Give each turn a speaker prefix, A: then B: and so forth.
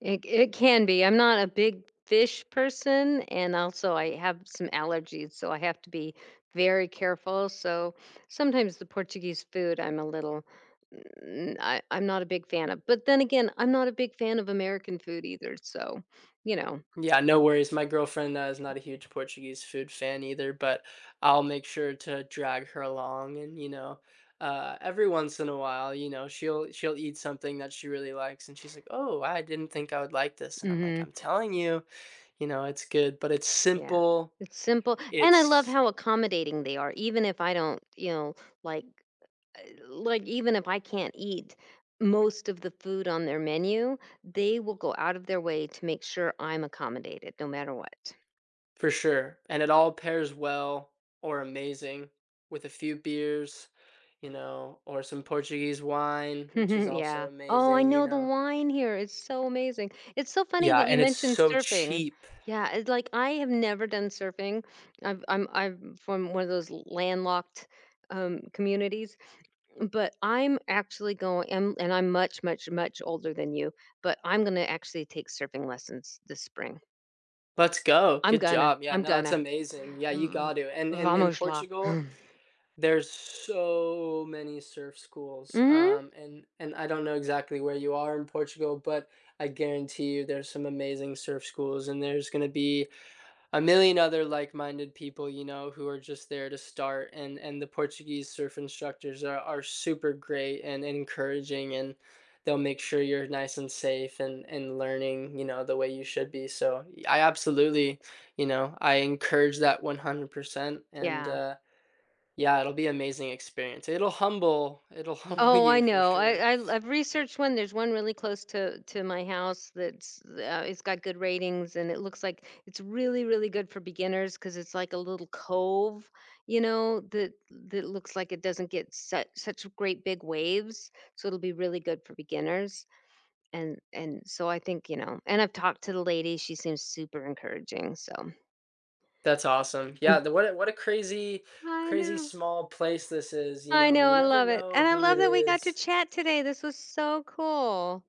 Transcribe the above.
A: It c it can be. I'm not a big fish person, and also I have some allergies, so I have to be very careful. So sometimes the Portuguese food, I'm a little mm, I I'm not a big fan of, but then again, I'm not a big fan of American food either, so you know.
B: Yeah, no worries. My girlfriend, uh, is not a huge Portuguese food fan either, but I'll make sure to drag her along and, you know, uh, every once in a while, you know, she'll she'll eat something that she really likes and she's, like, "Oh, I didn't think I would like this." And I'm, like,
A: Mhm.
B: "I'm telling you." You know, it's good. But it's
A: Yeah.
B: simple,
A: It's simple, and I love
B: it's
A: how accommodating they are, even if I don't, you know, like uh, like, even if I can't eat most of the food on their menu, they will go out of their way to make sure I'm accommodated no matter what.
B: For sure, and it all pairs well or amazing with a few beers, you know, or some Portuguese wine, which is also
A: Yeah. Oh, I
B: amazing, you
A: know, the
B: know?
A: wine here is so amazing. It's so funny
B: Yeah,
A: that you
B: and it's
A: mentioned
B: so
A: surfing.
B: cheap.
A: Yeah, it's like, I have never done surfing. I've I'm I'm from one of those landlocked, um, communities, but I'm actually going- and and I'm much, much, much older than you- but I'm gonna actually take surfing lessons this spring.
B: Let's go.
A: I'm
B: Good
A: gonna.
B: job. Yeah.
A: I'm
B: No, that's
A: gonna.
B: amazing. Yeah,
A: V
B: you got to. And
A: V
B: and in
A: Vamos lá.
B: Portugal, there's so many surf schools.
A: Mhm.
B: Um, and and I don't know exactly where you are in Portugal, but I guarantee you there's some amazing surf schools, and there's gonna be a million other like-minded people, you know, who are just there to start. And and the Portuguese surf instructors are are super great and encouraging, and they'll make sure you're nice and safe and and learning, you know, the way you should be, so, I absolutely you know, I encourage that 100%, and,
A: Yeah.
B: uh, yeah, it'll be amazing experience. It'll humble it'll humble
A: Oh, I
B: you for
A: know.
B: sure.
A: I I I've researched 1. There's 1 really close to to my house that's uh, it's got good ratings, and it looks like it's really, really good for beginners 'cause it's, like, a little cove, you know, that that looks, like, it doesn't get su such great big waves, so it'll be really good for beginners. And and so I think, you know and I've talked to the lady. She seems super encouraging, so.
B: That's awesome. Yeah,
A: And
B: the what a what a crazy
A: I
B: crazy
A: know.
B: small place this is, you
A: I
B: know.
A: know,
B: You
A: I
B: never
A: love it.
B: know
A: And I
B: who it
A: love that we got to
B: is.
A: chat today. This was so cool.